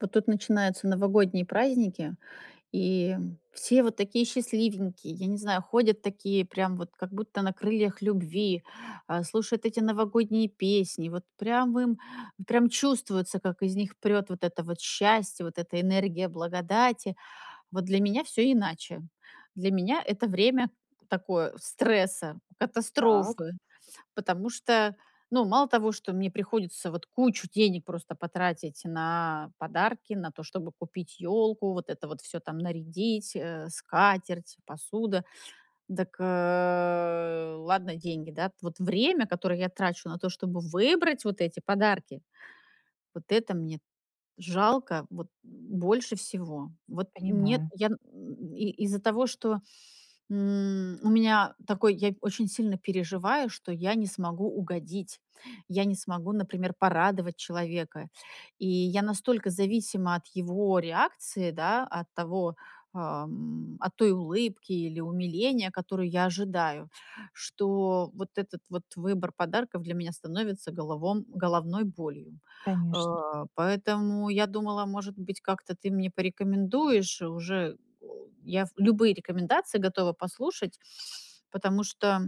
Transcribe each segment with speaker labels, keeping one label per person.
Speaker 1: Вот тут начинаются новогодние праздники. И все вот такие счастливенькие, я не знаю, ходят такие прям вот, как будто на крыльях любви! Э, слушают эти новогодние песни, вот прям им, прям чувствуется, как из них прёт вот это вот счастье! Вот эта энергия благодати. Вот для меня всё иначе. Для меня это время такое- стресса,
Speaker 2: Так.
Speaker 1: катастрофы! Потому что, ну, мало того, что мне приходится вот кучу денег просто потратить на подарки. На то, чтобы купить ёлку, вот это вот всё там нарядить, э, скатерть, посуда. Дак, э, ладно, деньги, да. Вот время, которое я трачу на то, чтобы выбрать вот эти подарки- вот это мне жалко вот больше всего. Вот, нет,
Speaker 2: Понимаю.
Speaker 1: я н и из-за того, что, м, у меня такой, я очень сильно переживаю, что я не смогу угодить. Я не смогу, например, порадовать человека. И я настолько зависима от его реакции, да, от того, э, м, от той улыбки или умиления, которую я ожидаю, что вот этот вот выбор подарков для меня становится головом головной болью.
Speaker 2: Конечно.
Speaker 1: Э, поэтому я думала, может быть, как-то ты мне порекомендуешь. Уже, э, я ф любые рекомендации готова послушать. Потому что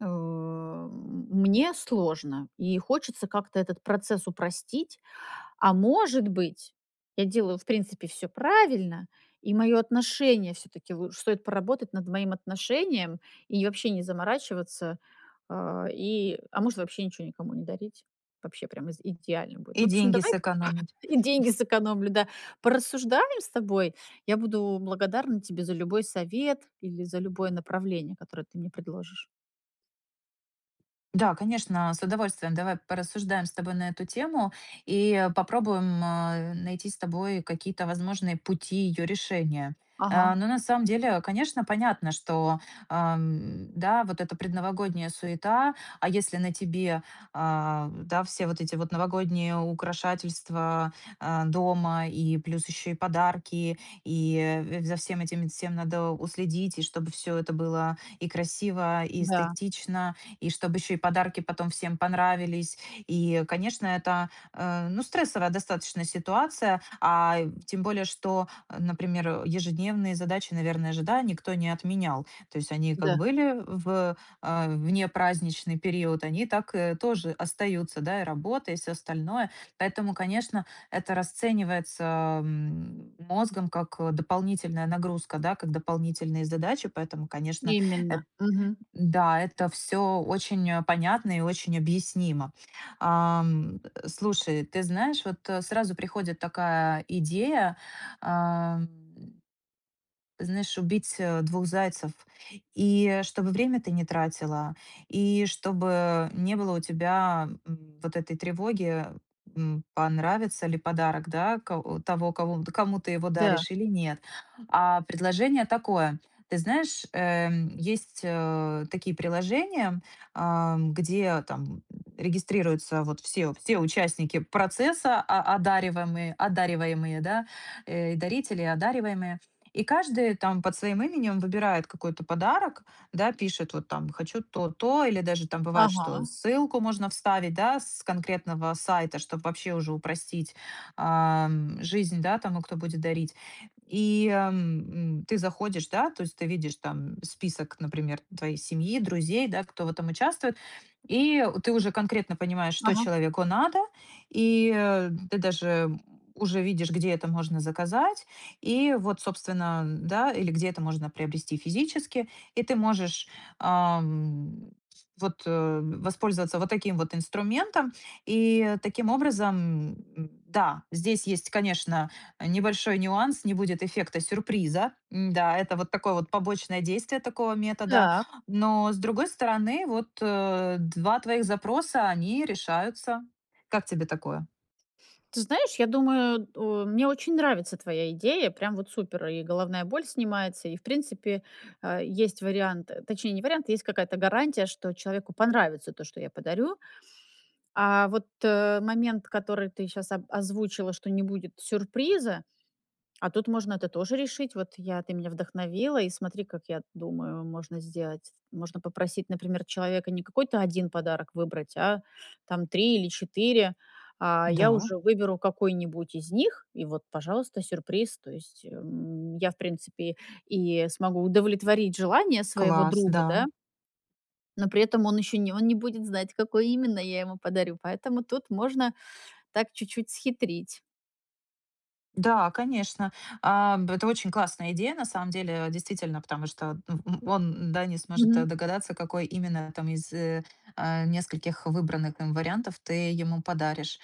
Speaker 1: У, мне сложно, и хочется как-то этот процесс упростить. А, может быть, я делаю, в принципе, всё правильно, и мое отношение всё-таки лучш стоит поработать над моим отношением и вообще не заморачиваться, а, и а, может, вообще ничего никому не дарить, вообще прямо из идеально будет. В
Speaker 2: И
Speaker 1: общем,
Speaker 2: деньги
Speaker 1: давай
Speaker 2: сэкономить.
Speaker 1: и деньги сэкономлю! Да, порассуждаем с тобой. Я буду благодарна тебе за любой совет или за любое направление, которое ты мне предложишь.
Speaker 2: Да, конечно, а, с удовольствием. Давай порассуждаем с тобой на эту тему и, э, попробуем, а, найти с тобой какие-то возможные пути ее решения. А,
Speaker 1: Ага.
Speaker 2: но, на самом деле, конечно, понятно, что, ам, да, вот эта предновогодняя суета, а если на тебе, а, да, все вот эти вот новогодние украшательства, а, дома и плюс ещё и подарки, и, э, в за всем этим всем надо уследить, и чтобы всё это было и красиво, и
Speaker 1: Да.
Speaker 2: эстетично, и чтоб ещё и подарки потом всем понравились. И, конечно, это, а, ну, стрессовая достаточно ситуация, а, тем более, что, а, например, э, ежедневные задачи, наверное же, да, никто не отменял. То есть они как
Speaker 1: Да.
Speaker 2: были в, а, вне праздничный период, они так и тоже остаются, да, и работа, и всё остальное. Поэтому, конечно, это расценивается, ам, мозгом как, а, дополнительная нагрузка, да, как дополнительные задачи. Поэтому, конечно, э,
Speaker 1: Именно, мгм.
Speaker 2: да, это всё очень понятно и очень объяснимо. Ам, э, слушай, ты знаешь, вот сразу приходит такая идея, ам. Знаешь, убить, а, двух зайцев, и, э, чтобы время ты не тратила, и чтобы не было у тебя, м, вот этой тревоги, м, понравится ли подарок, да, ко того кого кому ты его
Speaker 1: Да.
Speaker 2: даришь, или нет. А предложение такое. Ты знаешь, эм, есть, а, такие приложения, ам, где там, м, регистрируются вот все все участники процесса, о одаривамые одариваемые, да, э, и дарители одариваемые, и каждый там под своим именем выбирает какой-то подарок, да, пишет, вот там "хочу то, то" или даже там, бывает, что
Speaker 1: Ага.
Speaker 2: ссылку можно вставить, да, с конкретного сайта, чтоб вообще уже упростить, ам, жизнь, да, тому, кто будет дарить. И, эм, м, ты заходишь, да, то есть ты видишь там список, например, твоей семьи, друзей, да, кто в этом участвует, и у ты уже конкретно понимаешь, что
Speaker 1: Ага.
Speaker 2: человеку надо, и, э, м, ты даже, м, уже видишь, где это можно заказать, и вот, собственно, м, да, или где это можно приобрести физически. И ты можешь, ам, в вот, э, воспользоваться вот таким вот инструментом. И таким образом, м Да, здесь есть, конечно, э, небольшой нюанс- не будет эффекта сюрприза. М, да, это вот такое вот побочное действие такого метода.
Speaker 1: Так.
Speaker 2: Но, с другой стороны, вот, э, 2 твоих запроса- они решаются. Как тебе такое?
Speaker 1: Ты знаешь, я думаю, у мне очень нравится твоя идея, прям вот супер. И головная боль снимается, и, в принципе, а, есть вариант точнее, не вариант, есть какая-то гарантия, что человеку понравится то, что я подарю. А вот, э, момент, который ты щас, о озвучила, что не будет сюрприза, а тут можно это тоже решить. Вот я ты меня вдохновила, и смотри, как я думаю, можно сделать. Можно попросить, например, человека не какой-то 1 подарок выбрать, а там 3 или 4, а я
Speaker 2: Да.
Speaker 1: уже выберу какой-нибудь из них- и вот, пожалуйста, сюрприз. То есть, эм, я, в принципе, и смогу удовлетворить желания своего
Speaker 2: Класс,
Speaker 1: друга, да
Speaker 2: да.
Speaker 1: но при этом он еще не он не будет знать, какой именно я ему подарю. Поэтому тут можно так, чуть-чуть схитрить.
Speaker 2: Да, конечно, а, б это очень классная идея, на самом деле, действительно, потому что, д б м, он да не сможет
Speaker 1: Мгм.
Speaker 2: догадаться, какой именно там из, а, нескольких выбранных им вариантов ты ему подаришь.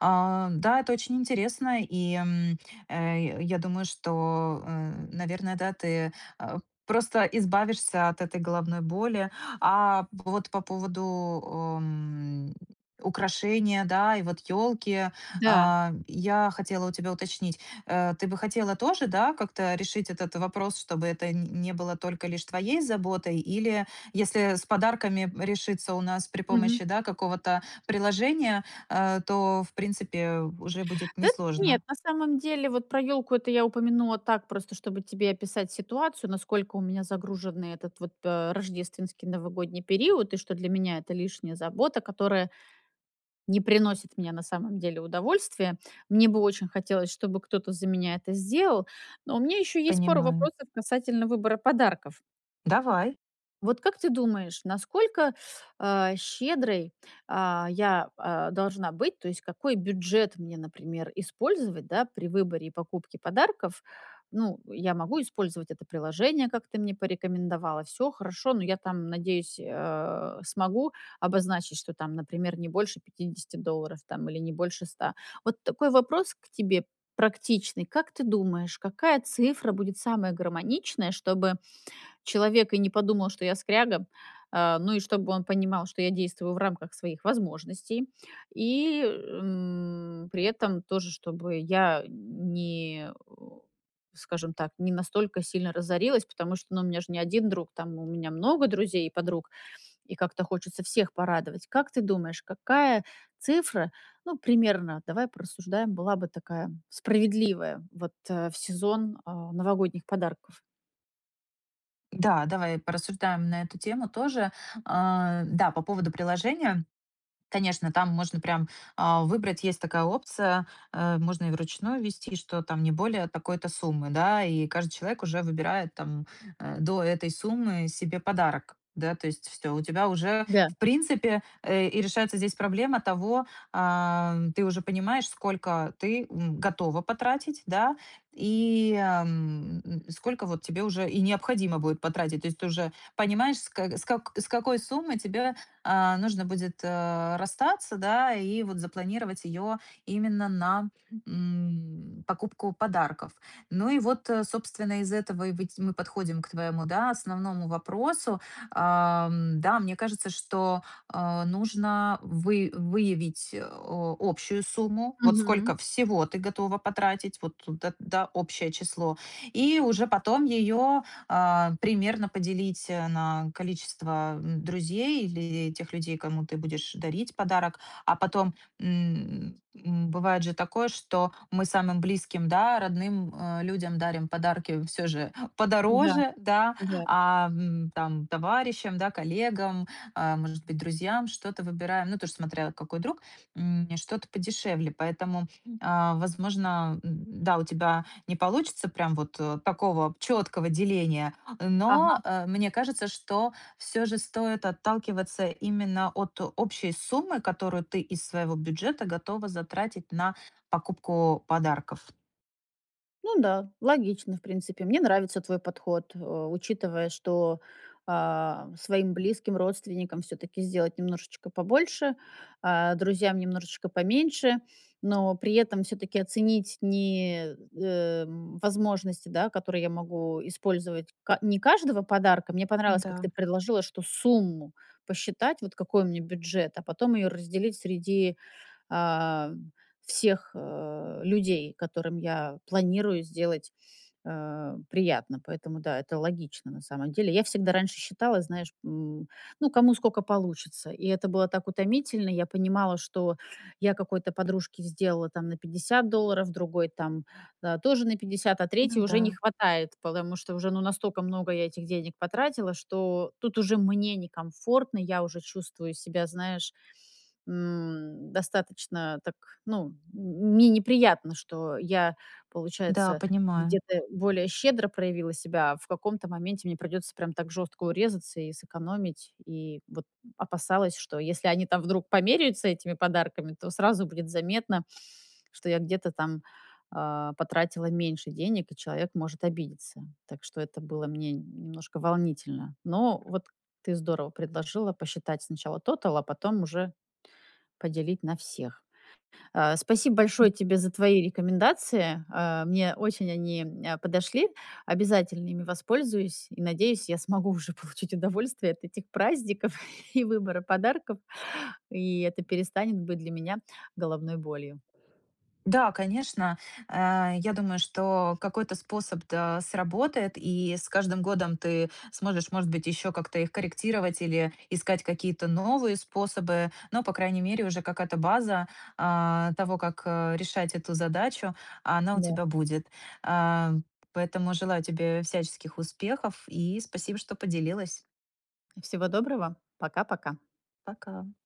Speaker 2: А, да, это очень интересно, и, м, э, я думаю, что, э, наверное, да, ты, э, просто избавишься от этой головной боли. А, вот по поводу у м, украшения, да, и вот ёлки,
Speaker 1: Да.
Speaker 2: а, я хотела у тебя уточнить, э, ты бы хотела тоже, да, как-то решить этот вопрос, чтобы это н не было только лишь твоей заботой, или если с подарками решиться у нас при
Speaker 1: Мгм.
Speaker 2: помощи, да, какого-то приложения, э, то в принципе, уже будет
Speaker 1: Да нет,
Speaker 2: несложно.
Speaker 1: на самом деле, вот про ёлку- это я упомянула так, просто чтобы тебе описать ситуацию, насколько у меня загруженный этот вот пэ рождественский новогодний период, и что для меня это- лишняя забота, которая не приносит мне, на самом деле, удовольствия. Мне бы очень хотелось, чтобы кто-то за меня это сделал. Но у меня ещё есть пару
Speaker 2: Понимаю.
Speaker 1: вопросов касательно выбора подарков.
Speaker 2: Давай.
Speaker 1: Вот как ты думаешь, насколько, а, щедрой, а, я, а, должна быть? То есть какой бюджет мне, например, использовать, да, при выборе и покупке подарков? Ну, я могу использовать это приложение, как ты мне порекомендовала. Всё, хорошо, но я там, надеюсь, э, смогу обозначить, что там, например, не больше 50 долларов там, или не больше 100. Вот такой вопрос к тебе практичный, как ты думаешь, какая цифра будет самая гармоничная, чтобы человек и не подумал, что я скряга, а, ну и чтобы он понимал, что я действую в рамках своих возможностей, и, м, при этом тоже чтобы я не, э, скажем так, не настолько сильно разорилась, потому что ну, у меня же не 1 друг, там у меня много друзей и подруг, и как-то хочется всех порадовать. Как ты думаешь, какая цифра, ну, примерно, давай порассуждаем, была бы такая справедливая вот в сезон, а, новогодних подарков.
Speaker 2: Да, давай, э, порассуждаем на эту тему тоже. А, да, по поводу приложения, конечно, там можно прям, а, выбрать, есть такая опция, э, можно и вручную ввести, что там не более такой-то суммы, да. И каждый человек уже выбирает там, э, до этой суммы себе подарок, да. То есть всё, у тебя уже
Speaker 1: Да.
Speaker 2: в принципе, э, и решается здесь проблема того, ам, ты уже понимаешь, сколько ты, м, готова потратить, да, и, ам, м, сколько вот тебе уже и необходимо будет потратить. То есть, ты уже понимаешь с кэ с как с какой суммой тебе, а, нужно будет, э, расстаться, да. И вот запланировать её именно на, м, покупку подарков. Ну и вот, э, собственно, из этого и выть мы подходим к твоему, да, основному вопросу, ам, да, мне кажется, что, а, нужно вы выявить, э, о общую сумму. Вот
Speaker 1: Мгм.
Speaker 2: сколько всего ты готова потратить, вот это, да, общее число. И уже потом её, а, примерно поделить, э, на количество, м, друзей, или тех людей, кому ты будешь дарить подарок. А потом, м, м, бывает же такое, что мы самым близким, да родным, э, людям дарим подарки всё же
Speaker 1: Да,
Speaker 2: подороже, да,
Speaker 1: да.
Speaker 2: ам, м, там товарищам, да коллегам, э, может быть, друзьям что-то выбираем, ну тоже смотря какой друг, м, что-то подешевле. Поэтому, а, возможно, м, да, у тебя не получится прям вот, э, такого чёткого деления,
Speaker 1: Ага.
Speaker 2: но, э, мне кажется, что всё же стоит отталкиваться именно от общей суммы, которую ты из своего бюджета готова затратить на покупку подарков.
Speaker 1: Ну да, логично, в принципе. Мне нравится твой подход. Э, учитывая, что, а, своим близким, родственникам всё-таки сделать немножечко побольше, а друзьям немножечко поменьше. Но при этом всё-таки оценить ни, эм, возможности, да которые я могу использовать, ка не каждого подарка. Мне понравилось, как
Speaker 2: Да.
Speaker 1: ты предложила, что сумму посчитать вот какой у меня бюджет, а потом её разделить среди, а, всех, а, людей, которым я планирую сделать, а, приятно. Поэтому, да это логично, на самом деле. Я всегда раньше считала, знаешь, м, ну кому сколько получится. И это было так утомительно. Я понимала, что я какой-то подружке сделала там на 50 долларов, другой там, э, тоже на 50, а 3
Speaker 2: Ну
Speaker 1: уже не
Speaker 2: да.
Speaker 1: хватает, потому что, уже ну настолько много я этих денег потратила, что тут уже мне некомфортно. Я уже чувствую себя, знаешь, м, достаточно так ну, м мне не приятно, что я
Speaker 2: Да,
Speaker 1: получается,
Speaker 2: понимаю.
Speaker 1: где-то более щедро проявила себя, а в каком-то моменте мне придётся прямо так жёстко урезаться, и сэкономить, и вот опасалась, что если они там вдруг померяются этими подарками, то сразу будет заметно, что я где-то там, а, потратила меньше денег, и человек может обидеться. Так что это было мне нь немножко волнительно. Но вот ты здорово предложила посчитать сначала тотал, а потом уже поделить на всех. А, спасибо
Speaker 2: Д
Speaker 1: большое тебе за твои рекомендации. Э, мне очень они, э, подошли. Обязательно ими воспользуюсь. И надеюсь, я смогу уже получить удовольствие от этих праздников, и выбора подарков. И это перестанет быть для меня головной болью.
Speaker 2: Да конечно, э, я думаю, что какой-то способ т э, сработает. И с каждым годом ты сможешь, может быть, ещё как-то их корректировать, или искать какие-то новые способы. Но по крайней мере, уже какая-то база, а, того как, э, решать эту задачу, она у
Speaker 1: Да.
Speaker 2: тебя будет. Ам, поэтому желаю тебе всяческих успехов, и спасибо, что поделилась.
Speaker 1: Всего доброго. Пока-пока.
Speaker 2: Пока.